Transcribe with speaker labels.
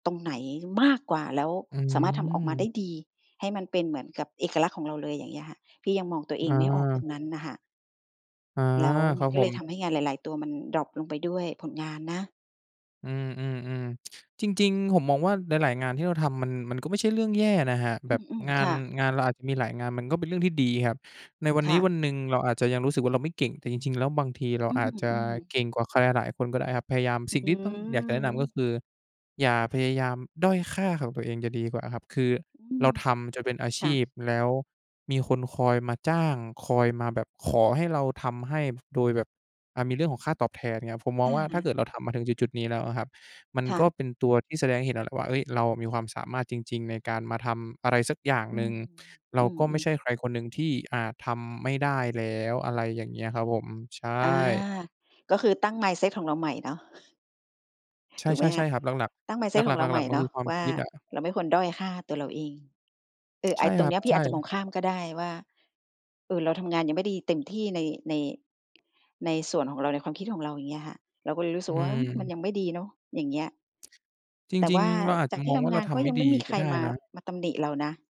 Speaker 1: ตรงไหนมากกว่า แล้ว
Speaker 2: อื
Speaker 1: สามารถทำออกมาได
Speaker 2: ม
Speaker 1: ้ดี ให้มันเป็นเหมือนกับเอกลักษณ์ของเราเลย อย่างเงี้ยค่ะ พี่ยังมองตัวเอ
Speaker 2: อ
Speaker 1: งไม่ออกตร
Speaker 2: า
Speaker 1: งนั้นน่ะค่ะ
Speaker 2: อ๋อ
Speaker 1: แล้วม
Speaker 2: ค
Speaker 1: ั
Speaker 2: รั
Speaker 1: น
Speaker 2: บ
Speaker 1: ก็
Speaker 2: ผ
Speaker 1: เลยท
Speaker 2: ม
Speaker 1: ำให้งานหลาย ๆ ตัวมันดร็อปลงไปด้วย ผลงานนะ
Speaker 2: อืม ๆ ๆ จริง ๆ ผมมองว่า หลาย ๆ งานที่เราทำ มัน มันก็ไม่ใช่เรื่องแย่นะครับ
Speaker 1: อ
Speaker 2: แบบ
Speaker 1: ืม
Speaker 2: งา
Speaker 1: ๆ ค
Speaker 2: น
Speaker 1: ่ะ
Speaker 2: งานเราอาจจะมีหลายงาน มันก็เป็นเรื่องที่ดีครับ ในวัน
Speaker 1: ค
Speaker 2: นี
Speaker 1: ่
Speaker 2: ้
Speaker 1: ะ
Speaker 2: วันหนึ่งเราอาจจะยังรู้สึกว่าเราไม่เก่ง แต่จริง ๆ แล้วบางทีเรา
Speaker 1: อื
Speaker 2: อาจจะ
Speaker 1: อ ๆ
Speaker 2: เก่งกว่าใครหลายคนก็ได้ครับ พยายาม
Speaker 1: อ
Speaker 2: สิ่ง
Speaker 1: ื
Speaker 2: ที่ต้อง อยากจะแนะนำก็
Speaker 1: ม
Speaker 2: คืออย่าพยายามด้อยค่าของตัวเองจะดีกว่าครับ คือ
Speaker 1: อื
Speaker 2: เรา
Speaker 1: ม
Speaker 2: ทำจนเป็นอาช
Speaker 1: ค่ะ
Speaker 2: ีพ แล้วมีคนคอยมาจ้าง คอยมาแบบขอให้เราทำให้ โดยแบบ อ่า มีเรื่องของค่าตอบแทนเนี่ยครับ ผมมอ
Speaker 1: อ
Speaker 2: ง
Speaker 1: ะ
Speaker 2: ว่า
Speaker 1: ฮ
Speaker 2: ถ้าเกิ
Speaker 1: ะ
Speaker 2: ดเราทำมาถึงจุด ๆ นี้แล้วอะครับ มัน
Speaker 1: ค่
Speaker 2: ก็
Speaker 1: ะ
Speaker 2: เป็นตัวที่แสดงให้เห็นแล้วแหละว่า "เฮ้ย เรามีความสามารถจริง ๆ ในการมาทำอะไรสักอย่าง
Speaker 1: อื
Speaker 2: หนึ
Speaker 1: ม
Speaker 2: ่ง เร
Speaker 1: อ
Speaker 2: า
Speaker 1: ื
Speaker 2: ก็ไม่
Speaker 1: ม
Speaker 2: ใช
Speaker 1: ๆ
Speaker 2: ่ใครคนหนึ่งที่อาจทำไม่ได้แล้ว" อะไรอย่างเงี้ยครับผม ใช
Speaker 1: อา
Speaker 2: ่
Speaker 1: ก็คือตั้ง mindset ของเราใหม่เนาะ
Speaker 2: ใช
Speaker 1: ถ
Speaker 2: ่
Speaker 1: ูก ไหม
Speaker 2: ๆ ใ
Speaker 1: ค
Speaker 2: ช่
Speaker 1: ะ?
Speaker 2: ครับ หลัก
Speaker 1: ตั้ง
Speaker 2: ๆ ห
Speaker 1: mindset
Speaker 2: ล
Speaker 1: ข
Speaker 2: ั
Speaker 1: อ
Speaker 2: ก ๆ
Speaker 1: ง
Speaker 2: ห
Speaker 1: เราใ
Speaker 2: ล
Speaker 1: หม
Speaker 2: ัก
Speaker 1: ่
Speaker 2: ๆ มัน
Speaker 1: เน
Speaker 2: ค
Speaker 1: า
Speaker 2: ือ
Speaker 1: ะ
Speaker 2: ความ
Speaker 1: ว่
Speaker 2: ค
Speaker 1: า
Speaker 2: ิดอะ
Speaker 1: เราไม่ควรด้อยค่าตัวเราเอง เออ ไ
Speaker 2: ใ
Speaker 1: อ
Speaker 2: ช
Speaker 1: ้
Speaker 2: ่
Speaker 1: ต
Speaker 2: ค
Speaker 1: ร
Speaker 2: ร
Speaker 1: ง
Speaker 2: ั
Speaker 1: เน
Speaker 2: บ
Speaker 1: ี้ยพี
Speaker 2: ใ
Speaker 1: ่
Speaker 2: ช
Speaker 1: อาจจะมอ
Speaker 2: ่
Speaker 1: งข้ามก็ได้ว่า "เออ เราทำงานยังไม่ดีเต็ม ที่ใน ใน ในส่วนของเรา ในความคิดของเรา" อย่างเงี้ยค่ะ เราก็เลยรู้ส
Speaker 2: อ
Speaker 1: ึกว่า อืม! มัน
Speaker 2: ืม
Speaker 1: ยังไม่ดีเนาะ อย่างเงี้ย
Speaker 2: จ
Speaker 1: แต่
Speaker 2: ร
Speaker 1: ว
Speaker 2: ิง
Speaker 1: ่า
Speaker 2: ๆ เราอาจ
Speaker 1: จ
Speaker 2: จ
Speaker 1: า
Speaker 2: ะ
Speaker 1: กที
Speaker 2: ม
Speaker 1: ่
Speaker 2: อง
Speaker 1: ท
Speaker 2: ว่า
Speaker 1: ำ
Speaker 2: เ
Speaker 1: ง
Speaker 2: รา
Speaker 1: าน
Speaker 2: ท
Speaker 1: ก็
Speaker 2: ำไม
Speaker 1: ย
Speaker 2: ่
Speaker 1: ังไ
Speaker 2: ด
Speaker 1: ม
Speaker 2: ี
Speaker 1: ่มีใ
Speaker 2: ก
Speaker 1: ค
Speaker 2: ็
Speaker 1: ร
Speaker 2: ได้
Speaker 1: มา
Speaker 2: นะ
Speaker 1: มาตำหนิเรานะ